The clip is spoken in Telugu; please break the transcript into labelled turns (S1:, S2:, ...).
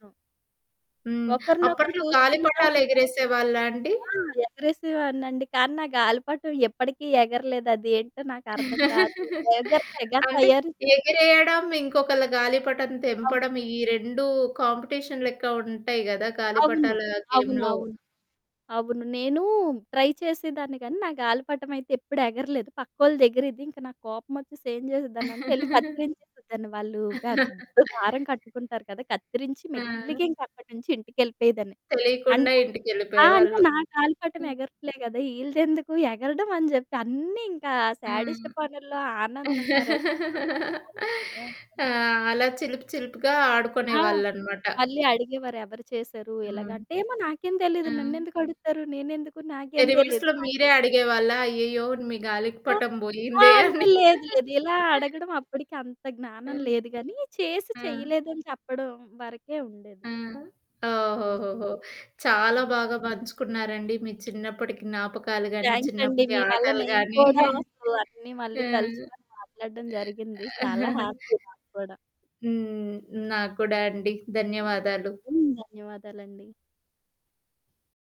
S1: నో.
S2: హ్మ్.
S1: ఒకరినొకరు
S2: అప్పట్లో
S1: చూస్కుంటా ఉన్నాం.
S2: గాలిపటాలెగిరేసేవాళ్ళా అండి?
S1: ఆ! ఎగరేసేదాన్నండి. కానీ నా గాలిపటం ఎప్పటికి ఎగరలేదు అది ఏంటో నాకర్థం గాదు. ఎగరలేగన్
S2: అంటే
S1: తయారు
S2: ఎగిరేయడం, ఇంకొకళ్ళ గాలిపటం
S1: అది.
S2: తెంపడం ఈ 2 కాంపిటీషన్ లెక్క ఉంటాయి గదా!
S1: అవును.
S2: గాలిపటాల
S1: అవును,
S2: గేమ్‌లో.
S1: అవును. అవును. నేను ట్రై చేసేదాన్ని గానీ నా గాలిపటం అయితే ఎప్పుడు ఎగరలేదు. పక్కోళ్ళదెగిరేది ఇంక నాకు కోపమొచ్చేసి ఏం జేసేదాన్నంటే యెళ్లి కత్తిరించేసేదాన్ని. వాళ్ళు పెద్ద దారం కట్టుకుంటారు గదా! కత్తిరించి
S2: ఆ!
S1: మెల్లిగింకా అక్కడి నుంచి ఇంటికెళ్ళిపోయేదాన్ని.
S2: తెలీకుండా
S1: అంటే ఆ! అంటే
S2: ఇంటికెళ్ళిపోయేవాళ్ళు.
S1: నా గాలిపటం
S2: హ్మ్.
S1: ఎగరట్లే గదా! ఈళ్ళదెందుకు ఎగరడం అని జెప్పి అన్నీ ఇంకా సాడిస్ట్
S2: హ్మ్.
S1: పనుల్లో ఆనందం మరసలు మామూలుగానే ఉండదు.
S2: ఆ! అలా చిలిపి చిలిపిగా
S1: ఆ!
S2: ఆడుకునేవాళ్ళనమాట.
S1: మళ్ళీ అడిగేవారు. ఎవరు చేసారు
S2: హ్మ్.
S1: ఇలాగంటే? ఏమో నాకేం తెలీదు.
S2: హ్మ్.
S1: నన్నెందుకడుగుతారు? నేనెందుకు? నాకేం తెలీదు.
S2: రివర్స్‌లో మీరే అడిగేవాళ్ళా? అయ్యయ్యో! మీ గాలి
S1: ఆ!
S2: పటం
S1: ఆ!
S2: పోయిందే
S1: అంటే
S2: అని.
S1: లేదు. లేదు. ఇలా అడగడం అప్పుడికి అంత
S2: ఆ!
S1: జ్ఞానం లేదు గాని చేసి
S2: ఆ!
S1: చేయలేదని చెప్పడం వరకే ఉండేది.
S2: ఆ!
S1: హ్మ్.
S2: ఓహోహోహో! చాలా
S1: హ్మ్.
S2: బాగా పంచుకున్నారండి. మీ చిన్నప్పటికి జ్ఞాపకాలు గానీ
S1: థ్యాంక్స్ అండి.
S2: చిన్నప్పటి
S1: మీ వల్ల
S2: ఆటలు
S1: నేను
S2: గానీ.
S1: కూడా [unintelligible] అన్నీ మళ్ళీ
S2: ఆ!
S1: తలచుకొని మాట్లాడడం
S2: ఆ!
S1: జరిగింది. చాలా హ్యాపీ నాకు కూడా.
S2: హ్మ్. నాకు కూడా అండి. ధన్యవాదాలు.
S1: హ్మ్. ధన్యవాదాలండి.